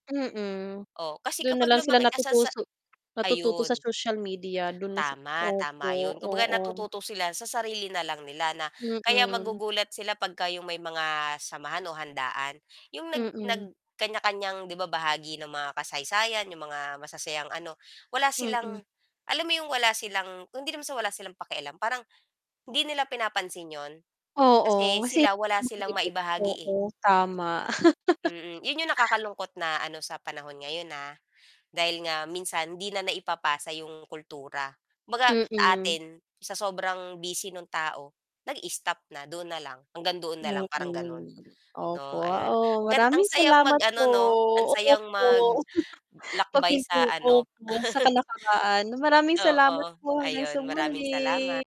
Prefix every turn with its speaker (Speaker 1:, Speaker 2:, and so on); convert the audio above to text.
Speaker 1: Mm.
Speaker 2: Oh, kasi
Speaker 1: Dun na
Speaker 2: kapag
Speaker 1: lang sila
Speaker 2: lumaki ka sa sa
Speaker 1: natutuso natututo sa
Speaker 2: ayun.
Speaker 1: social media, dun na sa
Speaker 2: Tama, tama
Speaker 1: opo,
Speaker 2: 'yon. Kumbaga
Speaker 1: oo.
Speaker 2: natututo sila sa sarili na lang nila na, kaya
Speaker 1: Mm.
Speaker 2: magugulat sila 'pagka 'yong may mga samahan o handaan, 'yong nag nag
Speaker 1: Mm.
Speaker 2: kanya-kanyang 'di ba bahagi ng mga kasaysayan, 'yong mga masasayang ano, wala
Speaker 1: Mm.
Speaker 2: silang alam mo 'yong wala silang hindi naman sa wala silang pakialam parang, hindi nila pinapansin 'yon. Kasi,
Speaker 1: Oo,
Speaker 2: sila wala silang
Speaker 1: [unintelligible]
Speaker 2: maibahagi, eh.
Speaker 1: Oo, tama.
Speaker 2: Mm, 'yon 'yong nakakalungkot na ano sa panahon ngayon, ah. Dahil nga minsan 'di na naipapasa 'yong kultura. Kumbaga, sa
Speaker 1: Mm.
Speaker 2: atin, sa sobrang busy no'ng tao, nag-stop na, doon na lang, hanggang doon na lang, parang gano'n,
Speaker 1: Mm, opo.
Speaker 2: 'no ayun.
Speaker 1: Oo,
Speaker 2: Ang gan ang
Speaker 1: maraming
Speaker 2: sayang
Speaker 1: salamat
Speaker 2: mag-ano
Speaker 1: po,
Speaker 2: 'no, ang sayang
Speaker 1: opo.
Speaker 2: mag
Speaker 1: Pag
Speaker 2: lakbay sa
Speaker 1: pinto
Speaker 2: ano.
Speaker 1: opo sa talakaraan. Maraming salamat
Speaker 2: Oo.
Speaker 1: po, hanggang sa
Speaker 2: Ayun, maraming
Speaker 1: muli.
Speaker 2: salamat.